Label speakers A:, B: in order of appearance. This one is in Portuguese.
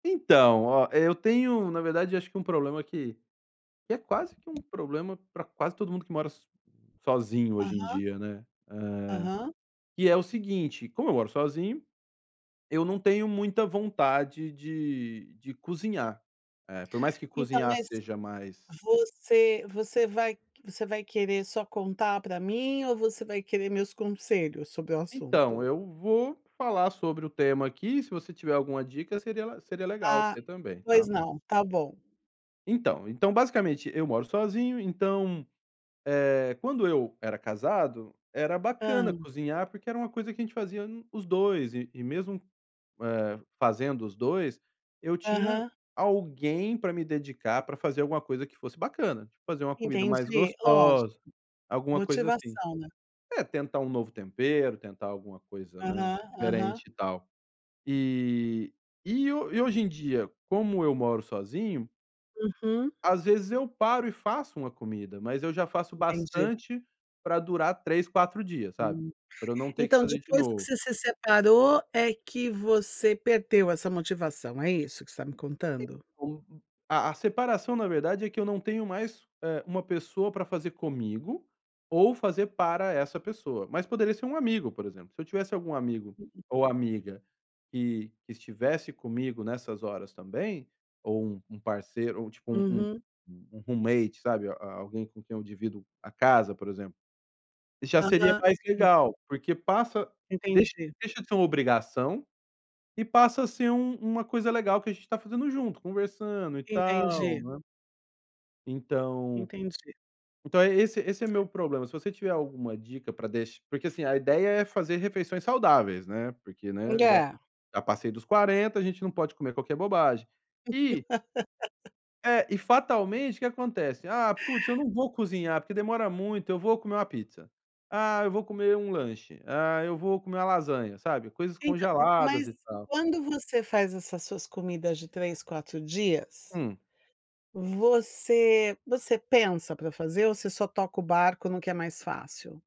A: Então, ó, eu tenho, na verdade, acho que um problema que que é quase que um problema para quase todo mundo que mora so sozinho hoje em
B: Aham.
A: dia, né. Eh,
B: Aham.
A: que é o seguinte, como eu moro sozinho, eu não tenho muita vontade de de de cozinhar, eh, por mais que
B: Então,
A: cozinhar
B: mas
A: seja mais
B: você você vai você vai querer só contar para mim ou você vai querer meus conselhos sobre o
A: Então,
B: assunto?
A: eu vou falar sobre o tema aqui. Se você tiver alguma dica seria le seria legal
B: Ah,
A: ter também,
B: pois
A: tá?
B: não, tá bom.
A: Então, então, basicamente eu moro sozinho, então, eh, quando eu era casado, era bacana
B: Hã.
A: cozinhar, porque era uma coisa que a gente fazia no os 2, e e mesmo, eh, fazendo os 2, eu tinha
B: Aham.
A: alguém para me dedicar, pra fazer alguma coisa que fosse bacana, tipo, fazer uma comida mais
B: Entendi, lógico.
A: gostosa, alguma coisa assim.
B: Motivação, né?
A: É tentar um novo tempero, tentar alguma coisa, né,
B: Aham, aham.
A: diferente e tal. E e hoje em dia, como eu moro sozinho
B: Uhum.
A: às vezes eu paro e faço uma comida, mas eu já faço
B: Entendi.
A: bastante para durar 3, 4 dias, sabe?
B: Hum,
A: Para eu não ter que
B: então
A: fazer de
B: depois que
A: novo.
B: você se separou é que você perdeu essa motivação. É isso que você tá me contando?
A: [unintelligible] A a separação na verdade é que eu não tenho mais, eh, uma pessoa para fazer comigo, ou fazer para essa pessoa. Mas poderia ser um amigo, por exemplo. Se eu tivesse algum amigo ou amiga que que estivesse comigo nessas horas, também, ou um um parceiro ou, tipo, um
B: Uhum.
A: um roommate, sabe, a alguém com quem eu divido a casa, por exemplo, já seria
B: Aham,
A: mais
B: entendi.
A: legal. Porque passa deixa
B: Entendi.
A: deixa de ser uma obrigação, e passa a ser um uma coisa legal que a gente tá fazendo junto conversando e tal,
B: Entendi.
A: né? Então
B: Entendi.
A: então é esse esse é meu problema. Se você tiver alguma dica pra deixe porque, assim, a ideia é fazer refeições saudáveis, né, porque, né, já
B: Olhar.
A: já passei dos 40, a gente não pode comer qualquer bobagem e é, e fatalmente o que acontece? "Ah, putz, eu não vou cozinhar, porque demora muito, eu vou comer uma pizza, ah, eu vou comer um lanche, ah, eu vou comer uma lasanha." Sabe? Coisas
B: Então,
A: congeladas
B: mas
A: e tal.
B: quando você faz essas suas comidas de 3, 4 dias,
A: Hum.
B: você você pensa para fazer ou você só toca o barco no que é mais fácil?